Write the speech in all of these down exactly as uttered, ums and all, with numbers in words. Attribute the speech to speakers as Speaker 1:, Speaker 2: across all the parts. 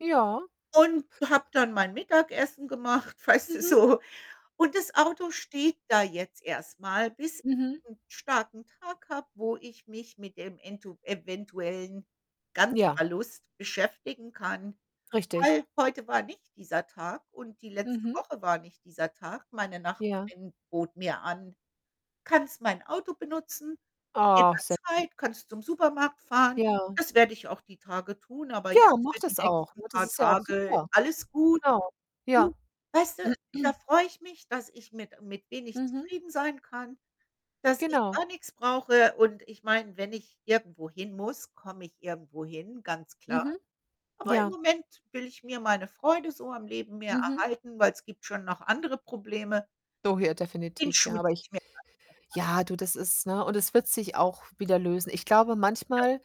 Speaker 1: Ja.
Speaker 2: Und habe dann mein Mittagessen gemacht, weißt du
Speaker 1: Mhm.
Speaker 2: so? Und das Auto steht da jetzt erst mal, bis
Speaker 1: Mhm.
Speaker 2: 'n starken Tag habe, wo ich mich mit dem entu eventuellen
Speaker 1: Ja.
Speaker 2: Ganzverlust beschäftigen kann,
Speaker 1: Richtig.
Speaker 2: weil, heute war nicht dieser Tag. Und die letzte
Speaker 1: Mhm.
Speaker 2: Woche war nicht dieser Tag. Meine
Speaker 1: Ja.
Speaker 2: Nachbarin bot mir an: „Kannst mein Auto benutzen, in
Speaker 1: Oh,
Speaker 2: der
Speaker 1: [unintelligible]
Speaker 2: Zeit. Kannst zum Supermarkt fahren.“
Speaker 1: Ja.
Speaker 2: Das werde ich auch die Tage tun, aber jetzt
Speaker 1: Ja, mach
Speaker 2: für die
Speaker 1: das auch,
Speaker 2: nächsten
Speaker 1: ne? Das
Speaker 2: paar
Speaker 1: ist ja auch
Speaker 2: Tage
Speaker 1: super.
Speaker 2: alles gut.
Speaker 1: Genau.
Speaker 2: Du?
Speaker 1: Ja..
Speaker 2: Weißt du? Da freue ich mich, dass ich mit mit wenig
Speaker 1: Mhm.
Speaker 2: zufrieden sein kann. Dass ich
Speaker 1: Genau.
Speaker 2: gar nichts brauche und ich meine, wenn ich irgendwo hin muss, komme ich irgendwo hin, ganz klar.
Speaker 1: Mhm.
Speaker 2: Aber im
Speaker 1: Ja.
Speaker 2: Moment will ich mir meine Freude so am Leben mehr
Speaker 1: Mhm.
Speaker 2: erhalten, weil 's gibt schon noch andere Probleme.
Speaker 1: doh hier
Speaker 2: Den
Speaker 1: definitiv,
Speaker 2: Schuh
Speaker 1: ja. Aber
Speaker 2: ziehe
Speaker 1: ich
Speaker 2: ich mir gar nicht erst an.
Speaker 1: ja, du,
Speaker 2: [unintelligible]
Speaker 1: das ist ne, und es wird sich auch wieder lösen. Ich glaube
Speaker 2: Ja.
Speaker 1: manchmal,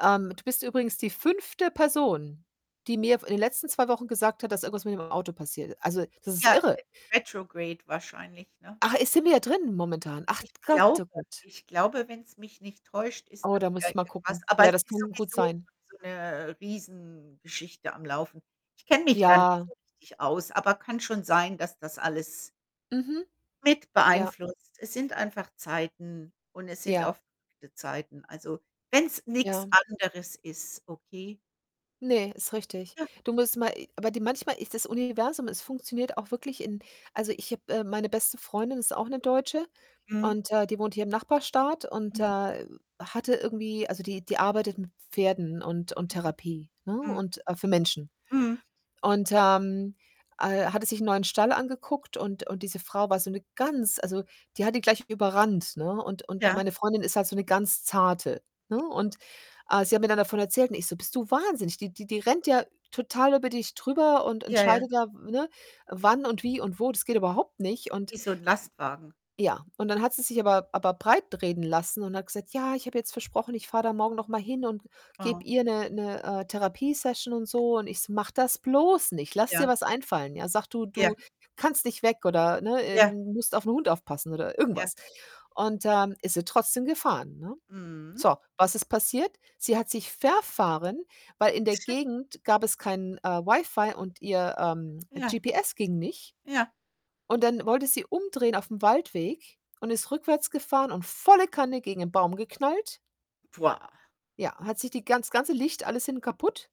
Speaker 1: ähm du bist übrigens die fünfte Person, die mir, f in den letzten zwei Wochen gesagt hat, dass irgendwas mit dem Auto passiert. Also, das ist
Speaker 2: Ja,
Speaker 1: irre.
Speaker 2: retrograde wahrscheinlich, ne?
Speaker 1: Ach, äh, sind wir drin, momentan? Ach
Speaker 2: Ich
Speaker 1: Gott,
Speaker 2: glaube
Speaker 1: Oh Gott.
Speaker 2: ich glaube, wenn 's mich nicht täuscht, ist
Speaker 1: Oh,
Speaker 2: mal
Speaker 1: da muss
Speaker 2: wieder
Speaker 1: ich mal
Speaker 2: irgendwas.
Speaker 1: gucken.
Speaker 2: Aber
Speaker 1: Ja,
Speaker 2: es
Speaker 1: das
Speaker 2: ist
Speaker 1: kann gut
Speaker 2: sowieso
Speaker 1: sein.
Speaker 2: so 'ne, Riesengeschichte am Laufen. Ich kenne mich da nicht
Speaker 1: Ja.
Speaker 2: so richtig aus, aber kann schon sein, dass das alles
Speaker 1: Mhm.
Speaker 2: mit
Speaker 1: Ja.
Speaker 2: beeinflusst. Es sind einfach Zeiten und es sind
Speaker 1: Ja.
Speaker 2: auch wilde Zeiten. Also wenn 's nichts
Speaker 1: Ja.
Speaker 2: anderes ist, okay.
Speaker 1: Ne, ist richtig.
Speaker 2: Ja.
Speaker 1: Du musst mal e aber die manchmal ist das Universum es funktioniert auch wirklich in also, ich habe, äh meine beste Freundin ist auch 'ne Deutsche
Speaker 2: Mhm.
Speaker 1: und, äh, die wohnt hier im Nachbarstaat und,
Speaker 2: Mhm.
Speaker 1: äh, hatte irgendwie also, die die arbeitet mit Pferden und und Therapie, ne,
Speaker 2: Mhm. Mhm.
Speaker 1: und äh, für Menschen
Speaker 2: Mhm.
Speaker 1: und, ähm, äh, hatte sich 'n neuen Stall angeguckt und und diese Frau war so 'ne ganz also, die hat ihn gleich überrannt, ne und und
Speaker 2: Ja.
Speaker 1: meine Freundin ist halt so 'ne ganz Zarte, ne,
Speaker 2: I
Speaker 1: und, ah, sie hat mir dann davon erzählt und ich so: „Bist du wahnsinnig? Die die die rennt ja total über dich drüber und
Speaker 2: Ja, ja.
Speaker 1: entscheidet da, w ne? Wann und wie und wo. Das geht überhaupt nicht.“ Und das
Speaker 2: Wie so 'n Lastwagen.
Speaker 1: ja. Und dann hat sie sich aber aber breitreden lassen und hat gesagt: „Ja, ich habe jetzt versprochen, ich fahre da morgen noch mal hin und
Speaker 2: Ah.
Speaker 1: gebe ihr ne ne Therapie-Session und so.“ Und ich so: „Mach das bloß nicht. Lass dir
Speaker 2: Ja.
Speaker 1: was einfallen, ja? Sage, du
Speaker 2: Ja.
Speaker 1: du kannst nicht weg oder, ne, äh,
Speaker 2: Ja.
Speaker 1: musst auf 'n Hund aufpassen oder
Speaker 2: Ja.
Speaker 1: irgendwas.“ Und, ähm, ist sie trotzdem gefahren, ne?
Speaker 2: Mhm.
Speaker 1: So, was ist passiert? Sie hat sich verfahren, weil in der Gegend gab es kein, äh, Wi-Fi und ihr, ähm, äh,
Speaker 2: Ja.
Speaker 1: GPS ging nicht.
Speaker 2: Ja.
Speaker 1: Und dann wollte sie umdrehen aufm Waldweg und ist rückwärts gefahren und volle Kanne gegen ein Baum geknallt. Ja, hat sich die ganz das ganze Licht alles hinten kaputt.